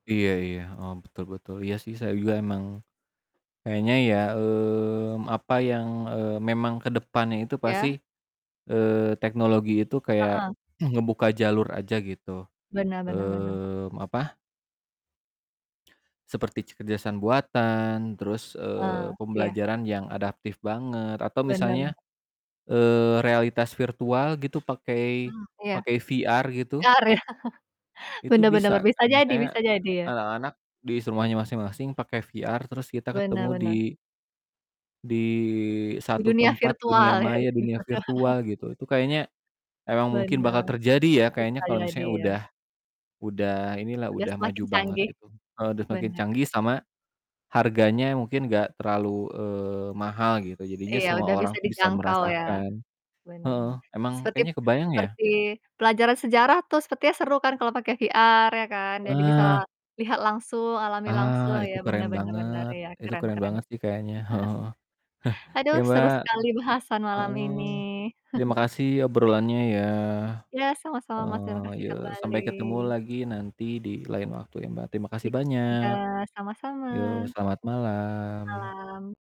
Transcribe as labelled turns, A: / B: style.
A: Iya iya, heeh. Betul betul. Iya sih, saya juga emang kayaknya ya, mmm, apa yang, eee, memang ke depannya itu pasti,
B: Iya?
A: eee, teknologi itu kayak
B: Heeh.
A: ngebuka jalur aja gitu.
B: Benar benar benar.
A: Mmm apa Seperti kecerdasan buatan, terus,
B: Ah,
A: eee,
B: iya.
A: pembelajaran yang adaptif banget, atau
B: Benar bener.
A: misalnya, eee, realitas virtual gitu pakai
B: Mhm, iya.
A: pakai VR gitu.
B: VR, ya.
A: Itu
B: Benar benar
A: bisa
B: benar. Bisa
A: kan,
B: jadi,
A: misalnya,
B: bisa jadi, ya.
A: a anak-anak dis rumahnya masing-masing pake VR, terus kita ketemu
B: Benar
A: di
B: benar.
A: di
B: Di
A: satu
B: dunia
A: tempat
B: virtual,
A: dunia
B: ya.
A: maya, dunia virtual, gitu. Itu kayaknya emang mungkin bakal
B: Benar.
A: terjadi ya kayaknya,
B: Bisa
A: kalo
B: jadi,
A: misalnya
B: ya.
A: udah udah inilah,
B: Udah
A: udah maju
B: semakin
A: banget
B: canggih.
A: gitu. Kalo udah semakin
B: Bener.
A: canggih sama, harganya mungkin gak terlalu, eee, mahal gitu. Jadinya
B: Iya,
A: semua
B: udah
A: orang
B: bisa
A: tuh bisa
B: dijangkau ya?
A: merasakan.
B: Bener
A: Heeh,
B: bener.
A: emang
B: Sepertip
A: kayaknya kebayang ya?
B: seperti pelajaran sejarah tuh, sepertinya seru kan kalau pake VR, ya kan? Jadi, bisa
A: Ah.
B: lihat langsung, alami
A: Ah,
B: langsung. Iya,
A: itu
B: bener
A: keren
B: bener bener,
A: banget.
B: iya
A: Itu
B: keren
A: keren
B: keren.
A: banget sih kayaknya, heeh heeh.
B: Aduh,
A: Ya
B: seru
A: Mbak,
B: sekali bahasan
A: heeh,
B: malam ini.
A: heeh. Terima kasih obrolannya ya.
B: Iya, sama-sama Mas,
A: Heeh,
B: terimakasih
A: yo sampai
B: kembali.
A: ketemu lagi nanti di lain waktu ya, Mbak. Terima kasih
B: Iya juga,
A: banyak.
B: sama-sama.
A: Yo, selamat malam.
B: Malam.